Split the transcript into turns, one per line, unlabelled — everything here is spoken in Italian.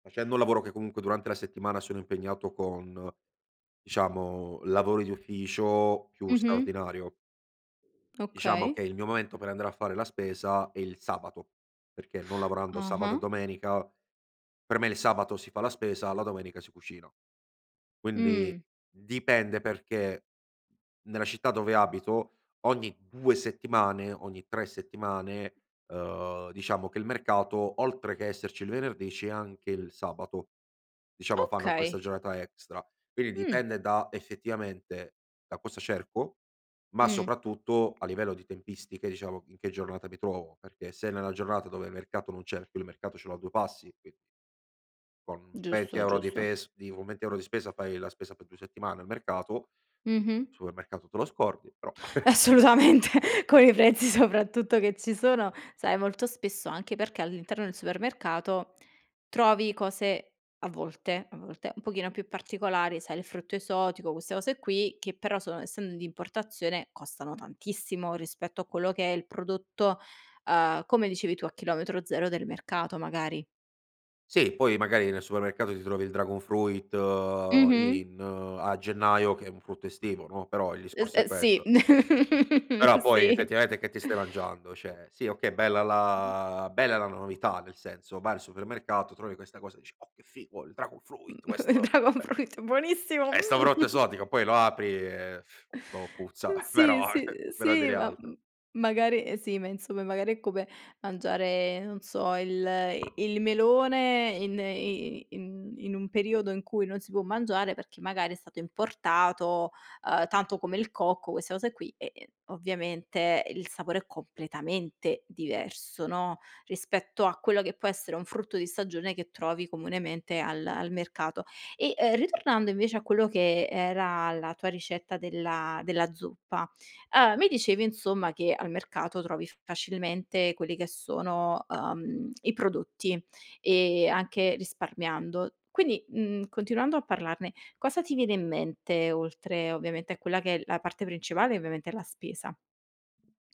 Facendo un lavoro che comunque durante la settimana sono impegnato con, diciamo lavori di ufficio più
Mh-mh.
straordinario. Diciamo
Okay.
che il mio momento per andare a fare la spesa è il sabato, perché non lavorando sabato e
Ah-ah.
domenica, per me il sabato si fa la spesa, alla domenica si cucina. Quindi,
Mh.
dipende, perché nella città dove abito ogni 2 settimane, ogni 3 settimane, ehm, diciamo che il mercato oltre che esserci il venerdì, c'è anche il sabato; diciamo fanno questa
Okay.
giornata extra. Quindi
Mh.
dipende da effettivamente da cosa cerco, ma
Mh.
soprattutto a livello di tempistiche, diciamo, in che giornata mi trovo. Perché se nella giornata dove il mercato non c'è, più il mercato ce l'ho a due passi, qui con venti
Giusto,
euro di
giusto.
fes di con 20€ di spesa fai la spesa per 2 settimane al mercato.
Mh-mh.
Supermercato te lo scordi, però
Assolutamente con i prezzi soprattutto che ci sono. Sai molto spesso, anche perché all'interno del supermercato, trovi cose, a volte, a volte, un pochino più particolari: sai il frutto esotico queste cose qui, che però sono essendo di importazione costano tantissimo rispetto a quello che è il prodotto, ehm, come dicevi tu, a chilometro 0 del mercato, magari.
Sì, poi magari nel supermercato ti trovi il dragon fruit
Mh-mh.
in a gennaio, che è un frutto estivo no, però il
Es
discorso è
eh sì,
questo. Però poi
sì.
effettivamente che ti stai mangiando? Cioè, sì okay, bella la bella la novità. Nel senso, vai al supermercato, trovi questa cosa e dici: “Oh, che figo, il dragon
Mh,
fruit
il
questo
dragon
è"
fruit buonissimo,
"è 'sta
mh!
frutta esotica”, poi lo apri e, boh, puzza,
Eh, sì,
però eh
sì, ehm,
per non
sì,
dire
ma m
altro.
magari eh sì, ma insomma magari è come mangiare, non so, il i il melone in i i in in un periodo in cui non si può mangiare perché magari è stato importato, ehm, tanto come il cocco queste cose qui, e e ovviamente il sapore è completamente diverso, no, rispetto a quello che può essere un frutto di stagione che trovi comunemente al al mercato. E, ehm, ritornando invece a quello che era la tua ricetta della della zuppa. Ehm, mi dicevi insomma, che al mercato trovi f facilmente quelli che sono, ehm, i prodotti e anche risparmiando. Quindi, mhmm, continuando a parlarne, cosa ti viene in mente, oltre ovviamente a quella che è la parte principale e ovviamente la spesa?